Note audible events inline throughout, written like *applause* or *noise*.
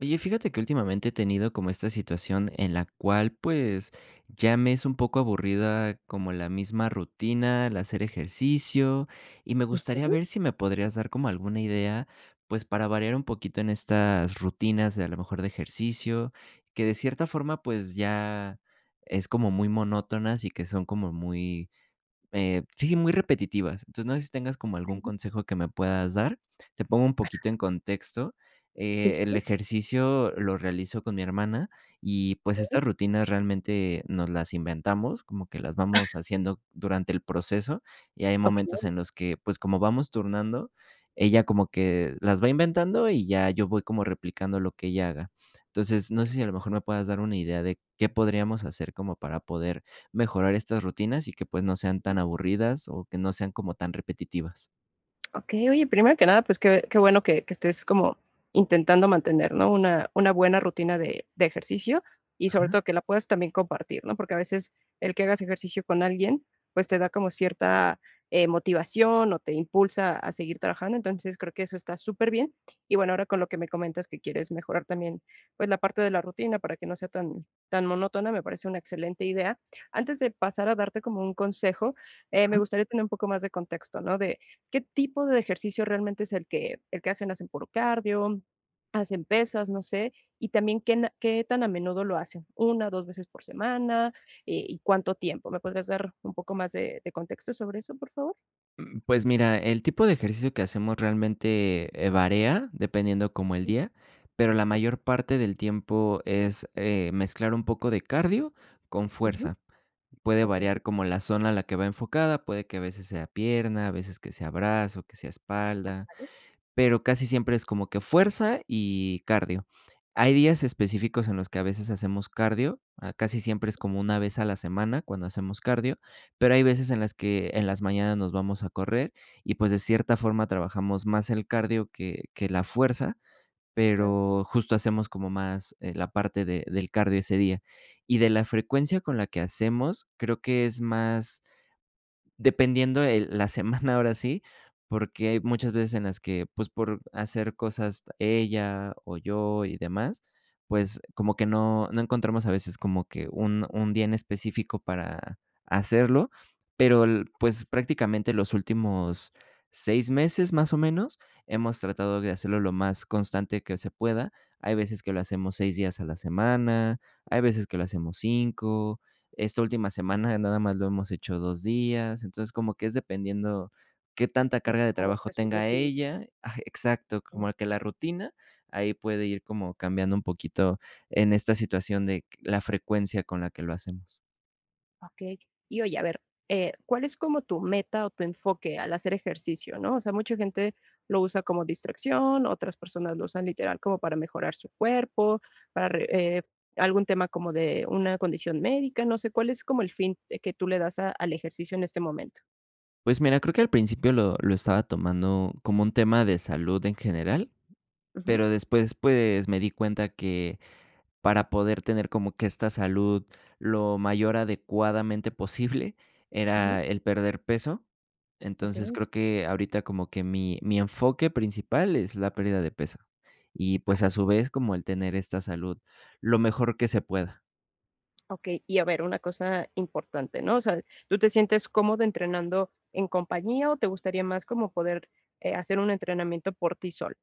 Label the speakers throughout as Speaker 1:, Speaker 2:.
Speaker 1: Oye, fíjate que últimamente he tenido como esta situación en la cual, pues, ya me es un poco aburrida, como la misma rutina al hacer ejercicio. Y me gustaría
Speaker 2: Ujú.
Speaker 1: ver si me podrías dar como alguna idea, pues, para variar un poquito en estas rutinas de a lo mejor de ejercicio, que de cierta forma, pues ya es como muy monótonas y que son como muy, eh, sí, muy repetitivas. Entonces no sé si tengas como algún
Speaker 2: Claro.
Speaker 1: consejo que me puedas dar, te pongo un poquito
Speaker 2: *coughs*
Speaker 1: en contexto.
Speaker 2: Sí,
Speaker 1: Eh,
Speaker 2: sí,
Speaker 1: el
Speaker 2: sí.
Speaker 1: ejercicio lo realizo con mi hermana, y pues, estas
Speaker 2: Okey.
Speaker 1: rutinas realmente nos las inventamos, como que las vamos
Speaker 2: *sneezes*
Speaker 1: haciendo durante el proceso y hay momentos
Speaker 2: Okey.
Speaker 1: en los que, pues, como vamos turnando, ella como que las va inventando, y ya yo voy como replicando lo que ella haga. Entonces, no sé si a lo mejor me puedas dar una idea de, ¿qué podríamos hacer como para poder mejorar estas rutinas y que, pues, no sean
Speaker 2: Ujú.
Speaker 1: tan aburrida,s o que no sean como tan repetitivas?
Speaker 2: Okey, oye, primero que nada, pues, qué qué bueno que que estés como intentando mantener, ¿no?, una una buena rutina de de ejercicio, y sobre
Speaker 1: Ajá.
Speaker 2: todo que la puedas también compartir, ¿no? Porque a veces el que hagas ejercicio con alguien, pues, te da como cierta, eh, motivación, o te impulsa a seguir trabajando. Entonces, creo que eso está superbién. Y, bueno, ahora con lo que me comentas que quieres mejorar también, pues, la parte de la rutina para que no sea tan tan monótona, me parece una excelente idea. Antes de pasar a darte como un consejo, eh, me
Speaker 1: Ajá.
Speaker 2: gustaría tener un poco más de contexto, ¿no? De, ¿qué tipo de ejercicio realmente es el que el que hacen? ¿Hacen puro cardio, hacen pesas? No sé. Y también, ¿qué na qué tan a menudo lo hacen? 1, 2 veces por semana, eh, ¿y cuánto tiempo? ¿Me podrías dar un poco más de de contexto sobre eso, por favor?
Speaker 1: Mm, pues mira, el tipo de ejercicio que hacemos realmente, eh, varía, dependiendo como el día, pero, la mayor parte del tiempo es, eh, mezclar un poco de cardio con
Speaker 2: Ujú.
Speaker 1: fuerza. Puede
Speaker 2: Okey.
Speaker 1: variar como la zona a la que va enfocada, puede que a veces sea pierna, a veces que sea brazo, que sea espalda,
Speaker 2: *unintelligible*
Speaker 1: pero casi siempre es como que fuerza y cardio. Hay días específicos en los que a veces hacemos cardio. Ah, casi siempre es como una vez a la semana cuando hacemos cardio, pero, hay veces en las que en las mañanas nos vamos a correr y, pues, de cierta forma trabajamos más el cardio que que la fuerza,
Speaker 2: Claro.
Speaker 1: pero justo hacemos como más, eh, la parte de del cardio ese día. Y de la frecuencia con la que hacemos, creo que es más, dependiendo, eh, la semana, ahora sí, porque hay muchas veces en las que, pues, por hacer cosas ella o yo y demás, pues, como que no no encontramos a veces como que un un día en específico para hacerlo, pero el, pues, prácticamente los últimos 6 meses, más o menos, hemos tratado de hacerlo lo más constante que se pueda. Hay veces que lo hacemos 6 días a la semana, hay veces que lo hacemos 5 esta última semana, nada más lo hemos hecho 2 días, entonces, como que es dependiendo qué tanta
Speaker 2: Cómo
Speaker 1: carga
Speaker 2: de,
Speaker 1: de
Speaker 2: cómo
Speaker 1: trabajo
Speaker 2: esté su
Speaker 1: tenga
Speaker 2: rutina.
Speaker 1: ella. Ah, exacto,
Speaker 2: Mm.
Speaker 1: como que la rutina, ahí puede ir como cambiando un poquito en esta situación, de q la frecuencia con la que lo hacemos.
Speaker 2: Okey. Y oye, a ver, eh, ¿cuál es como tu meta o tu enfoque al hacer ejercicio, no? O sea, mucha gente lo usa como distracción, otras personas lo usan literal como para mejorar su cuerpo, para re eh, algún tema como de una condición médica, no sé, ¿cuál es como el fin de que tú le das a al ejercicio en este momento?
Speaker 1: Pues mira, creo que al principio lo lo estaba tomando como un tema de salud en general,
Speaker 2: Ujú.
Speaker 1: pero después, pues, me di cuenta que, para poder tener como que esta salud lo mayor adecuadamente posible,
Speaker 2: Ujú.
Speaker 1: era el perder peso. Entonces,
Speaker 2: Okey.
Speaker 1: creo que ahorita como que mi mi enfoque principal es la pérdida de peso y, pues, a su vez, como el tener esta salud lo mejor que se pueda.
Speaker 2: Okey, y a ver, una cosa importante, ¿no? O sea, ¿tú te sientes cómodo entrenando en compañía, o te gustaría más como poder, eh, hacer un entrenamiento por ti solo?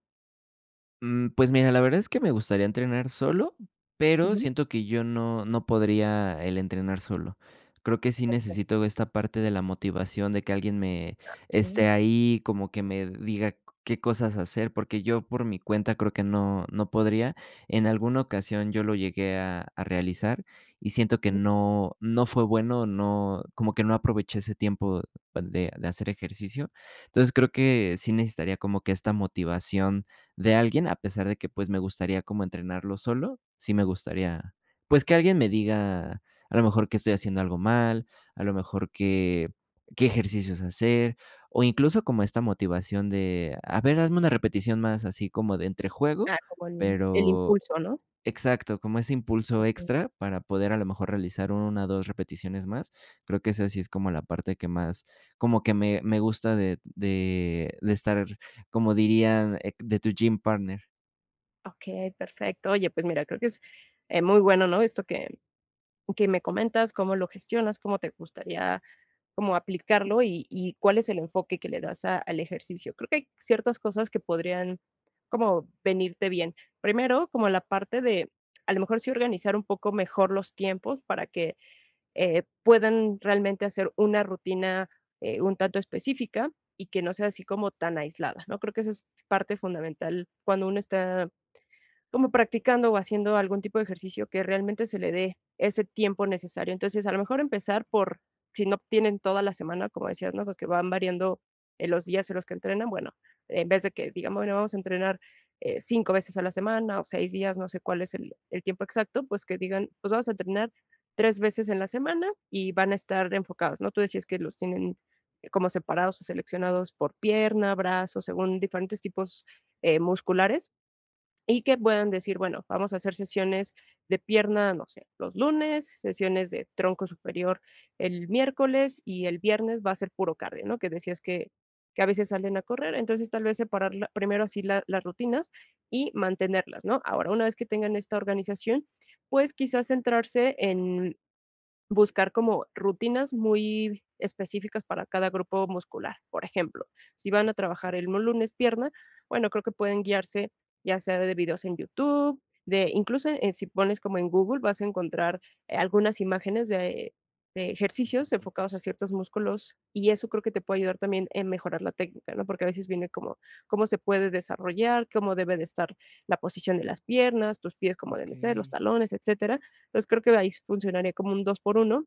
Speaker 1: Mm, pues mira, la verdad es que me gustaría entrenar solo, pero
Speaker 2: Ujú.
Speaker 1: siento que yo no, no podría, el entrenar solo. Creo que sí
Speaker 2: Okey.
Speaker 1: necesito esta parte de la motivación, de que alguien me
Speaker 2: Ah, okey.
Speaker 1: esté ahí, como que me diga qué cosas hacer, porque, yo por mi cuenta creo que no no podría. En alguna ocasión yo lo llegué a a realizar y siento que
Speaker 2: Ujú.
Speaker 1: no no fue bueno, no, como que no aproveché ese tiempo de de hacer ejercicio. Entonces, creo que sí necesitaría como que esta motivación de alguien, a pesar de que, pues, me gustaría como entrenarlo solo, sí me gustaría, pues, que alguien me diga, a lo mejor que estoy haciendo algo mal, a lo mejor que qué ejercicios hacer, o incluso como esta motivación de, a ver, hazme una repetición más así como de entre juego,
Speaker 2: Ah, como el el
Speaker 1: pero
Speaker 2: impulso, ¿no?
Speaker 1: exacto, como ese impulso
Speaker 2: Okey.
Speaker 1: extra para poder a lo mejor realizar 1 o 2 repeticiones más. Creo que esa sí es como la parte que más, como que me me gusta de de de estar, como dirían, eh, de tu gym partner.
Speaker 2: Okey, perfecto. Oye, pues mira, creo que es, eh, muy bueno, ¿no?, esto que que me comentas, cómo lo gestionas, cómo te gustaría, como aplicarlo y y cuál es el enfoque, que le das a al ejercicio. Creo que hay ciertas cosas, que podrían, como venirte bien. Primero, como la parte de a lo mejor, sí organizar un poco mejor los tiempos, para que, eh, puedan realmente hacer una rutina, eh, un tanto específica, y que no sea así, como tan aislada, ¿no?, creo que eso es parte fundamental. Cuando uno, está como practicando, o haciendo algún tipo de ejercicio, que realmente se le dé ese tiempo necesario. Entonces, a lo mejor empezar por, si no tienen toda la semana, como decías, ¿no?, porque, van variando, eh, los días en los que entrenan, bueno, en vez de que, digamos, bueno, vamos a entrenar, eh, 5 veces a la semana, o 6 días, no sé cuál es el el tiempo exacto, pues, que digan: "Pues vamos a entrenar, 3 veces en la semana y van a estar enfocados", ¿no?, tú decías, que los tienen como separados, o seleccionados, por pierna, brazos, según diferentes tipos, eh, musculares. Y que puedan decir, bueno, vamos a hacer sesiones de pierna, no sé, los lunes, sesiones de tronco superior el miércoles, y el viernes va a ser puro cardio, ¿no?, que decías, que que a veces, salen a correr. Entonces, tal vez separar la primero así la las rutinas, y mantenerlas, ¿no?, ahora, una vez que tengan esta organización, pues, quizás centrarse en buscar como rutinas muy específicas, para cada grupo muscular. Por ejemplo, si van a trabajar el lunes pierna, bueno, creo que pueden guiarse, ya sea de videos en YouTube, de incluso, eh, si pones como en Google, vas a encontrar, eh, algunas imágenes, de de ejercicios enfocados a ciertos músculos. Y eso, creo que te puede ayudar también, en mejorar la técnica, ¿no?, porque, a veces viene cómo cómo se puede desarrollar, cómo debe de estar la posición de las piernas, tus pies cómo deben ser, los
Speaker 1: Okey.
Speaker 2: talones, etcétera. Entonces, creo que ahí funcionaría, como un 2 por 1,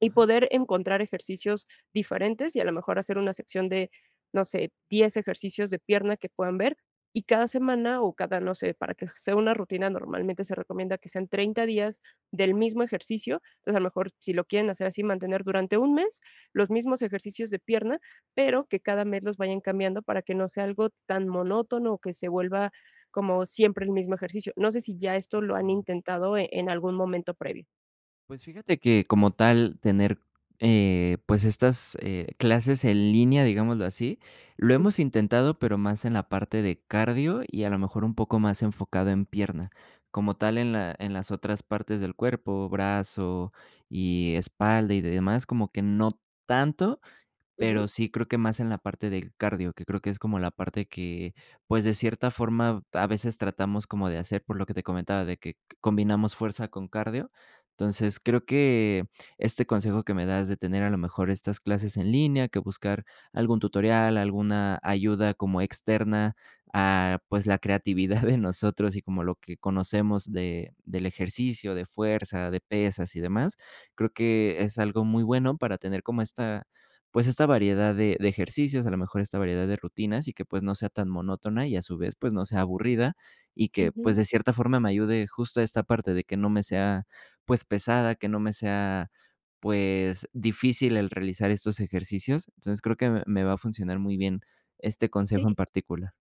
Speaker 2: y
Speaker 1: Ajá.
Speaker 2: poder encontrar ejercicios diferentes, y a lo mejor hacer una sección de, no sé, 10 ejercicios de pierna, que puedan ver. Y cada semana, o cada, no sé, para que sea una rutina, normalmente, se recomienda que sean 30 días, del mismo ejercicio. Entonces, a lo mejor, si lo quieren hacer así, mantener durante un mes, los mismos ejercicios de pierna, pero que, cada mes los vayan cambiando, para que no sea algo tan monótono, o que se vuelva como siempre el mismo ejercicio. No sé, si ya esto lo han
Speaker 1: Okey.
Speaker 2: intentado, en algún momento previo.
Speaker 1: Pues fíjate que, como tal, tener, eh, pues, estas, eh, clases en línea, digámoslo así, lo
Speaker 2: Mm.
Speaker 1: hemos intentado, pero más en la parte de cardio y, a lo mejor, un poco más enfocado en pierna. Como tal, en la en las otras partes del cuerpo, brazo y espalda y demás, como que no tanto, pero
Speaker 2: Ujú.
Speaker 1: sí creo que más en la parte del cardio, que creo que es como la parte que pues, de cierta forma, a veces tratamos como de hacer, por lo que te comentaba, de que combinamos fuerza con cardio. Entonces, creo que este consejo que me das de tener, a lo mejor, estas clases en línea, que buscar algún tutorial, alguna ayuda como externa, ah, pues, la creatividad de *giggles* nosotros y como lo que conocemos de del ejercicio, de fuerza, de pesas y demás, creo que es algo muy bueno para tener como esta, pues esta variedad de de ejercicios, a lo mejor esta variedad de rutinas y que, pues, no sea tan monótona y a su vez, pues no sea aburrida y que, pues,
Speaker 2: Ujú.
Speaker 1: de cierta forma me ayude justo a esta parte de que no me sea, pues, pesada, que no me sea, pues, difícil el realizar estos ejercicios. Entonces, creo que me me va a funcionar muy bien, este consejo
Speaker 2: Sí.
Speaker 1: en particular.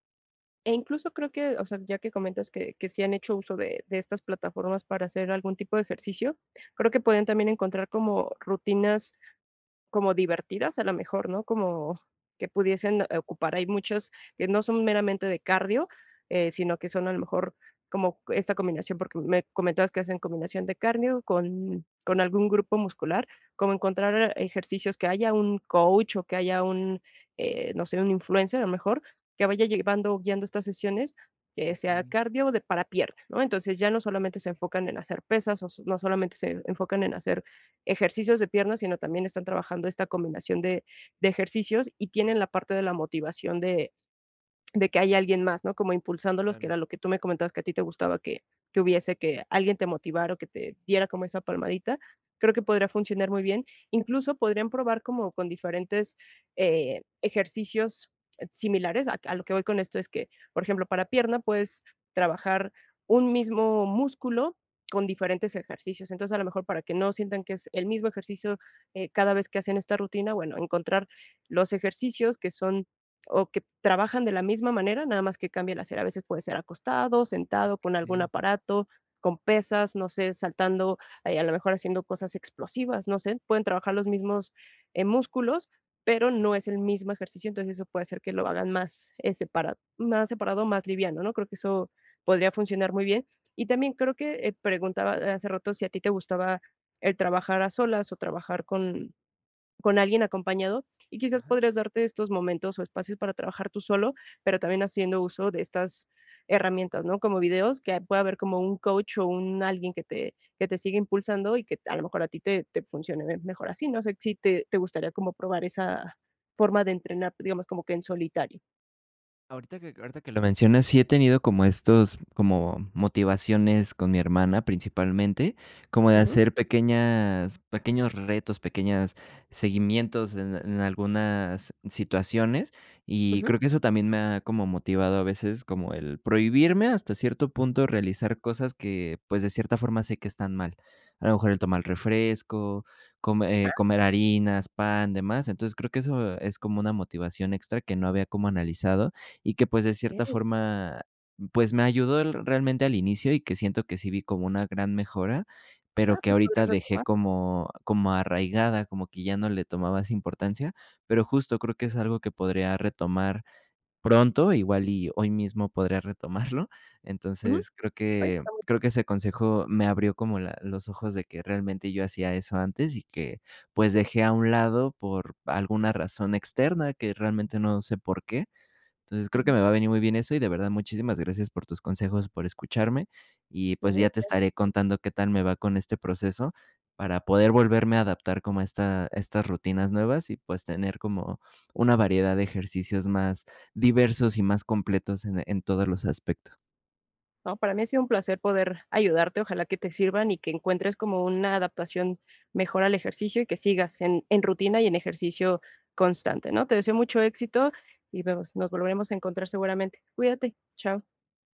Speaker 2: Eh, incluso creo que, o sea, ya que comentas que que sí han hecho uso de de estas plataformas para hacer algún tipo de ejercicio, creo que pueden también encontrar como, rutinas como divertidas, a lo mejor, ¿no? Como que pudiesen, eh, ocupar. Hay muchas que no son meramente de cardio, eh, sino que son, a lo mejor, como esta combinación, porque, me comentabas que hacen combinación de cardio con con algún grupo muscular. Cómo encontrar ejercicios que haya un coach o que haya un, eh, no sé, un influencer, a lo mejor, que vaya llevando, guiando estas sesiones, que sea
Speaker 1: Okey.
Speaker 2: cardio o de para pierna, ¿no? Entonces, ya no solamente se enfocan en hacer pesas, o no solamente se enfocan en hacer ejercicios de piernas, sino también, están trabajando esta combinación de de ejercicios y tienen la parte de la motivación de de que hay alguien más, ¿no? Como impulsándolos, que
Speaker 1: Claro.
Speaker 2: era lo que tú me comentabas que a ti te gustaba, que que hubiese que alguien te motivara o que te diera como esa palmadita. Creo que podría funcionar muy bien. Incluso, podrían probar como con diferentes, eh, ejercicios similares, a a lo que voy con esto es que, por ejemplo, para pierna pues trabajar un mismo músculo con diferentes ejercicios. Entonces, a lo mejor, para que no sientan que es el mismo ejercicio, eh, cada vez que hacen esta rutina, bueno, encontrar los ejercicios que son o que trabajan de la misma manera, nada más que cambie la cera. A veces puede ser acostado, sentado, con algún
Speaker 1: Okey.
Speaker 2: aparato, con pesas, no sé, saltando, ah, y, a lo mejor, haciendo cosas explosivas, no sé, pueden trabajar los mismos, eh, músculos, pero no es el mismo ejercicio. Entonces, eso puede hacer que lo hagan más, eh, separado, más separado, más liviano, ¿no? Creo que eso podría funcionar muy bien. Y también, creo que preguntaba hace rato, si a ti te gustaba el trabajar a solas o trabajar con con alguien acompañado. Y quizás
Speaker 1: Ajá.
Speaker 2: podrías darte estos momentos o espacios para trabajar tú solo, pero, también haciendo uso de estas herramientas, ¿no? Como videos, que ahí pueda haber como un coach, o un alguien que te que te siga impulsando y que a lo mejor a ti te te funcione mejor así. No sé, si te te gustaría como probar esa forma de entrenar, digamos, como que en solitario.
Speaker 1: Ahorita que ahorita que lo mencionas, sí he tenido como estos como motivaciones con mi hermana principalmente, como de
Speaker 2: Ujú.
Speaker 1: hacer pequeñas, pequeños retos, pequeñas seguimientos en en algunas situaciones. Y
Speaker 2: Ujú.
Speaker 1: creo que eso también me ha como motivado a veces como el prohibirme, hasta cierto punto, realizar cosas que, pues, de cierta forma sé que están mal. A lo mejor el tomar
Speaker 2: Okey.
Speaker 1: refresco, come
Speaker 2: ¡Ah!
Speaker 1: eh, comer harinas, pan, de más. Entonces, creo que eso es como una motivación extra que no había cómo analizado y que, pues, de cierta
Speaker 2: Okey.
Speaker 1: forma, pues, me ayudó el realmente al inicio, y que siento que sí vi como una gran mejora, pero
Speaker 2: Ah,
Speaker 1: que
Speaker 2: pues,
Speaker 1: ahorita
Speaker 2: podrias
Speaker 1: dejé
Speaker 2: retomarlo.
Speaker 1: como como arraigada, como que ya no le tomaba esa importancia. Pero, justo creo que es algo que podría retomar pronto, igual y hoy mismo podría retomarlo.
Speaker 2: Ujú,
Speaker 1: Entonces, creo
Speaker 2: pues,
Speaker 1: que
Speaker 2: está *unintelligible*
Speaker 1: creo que ese consejo me abrió como la los ojos de que realmente yo hacía eso antes y que, pues, dejé a un lado por alguna razón externa que realmente no sé por qué. Entonces, creo que
Speaker 2: Ujú.
Speaker 1: me va a venir muy bien eso, y de verdad muchísimas gracias por tus consejos, por escucharme, y pues,
Speaker 2: No,
Speaker 1: ya
Speaker 2: ¿de
Speaker 1: te
Speaker 2: qué?, a
Speaker 1: estaré
Speaker 2: ti.
Speaker 1: contando qué tal me va con este proceso para poder volverme a adaptar como a esta a estas rutinas nuevas, y pues tener como una variedad de ejercicios más diversos y más completos en, eh, en todos los aspecto.
Speaker 2: No, para mí ha sido un placer poder ayudarte. Ojalá que te sirvan y que encuentres como una adaptación mejor al ejercicio, y que sigas en en rutina y en ejercicio constante, ¿no? Te deseo mucho éxito, y nos nos volveremos a encontrar seguramente. Cuídate. Chao.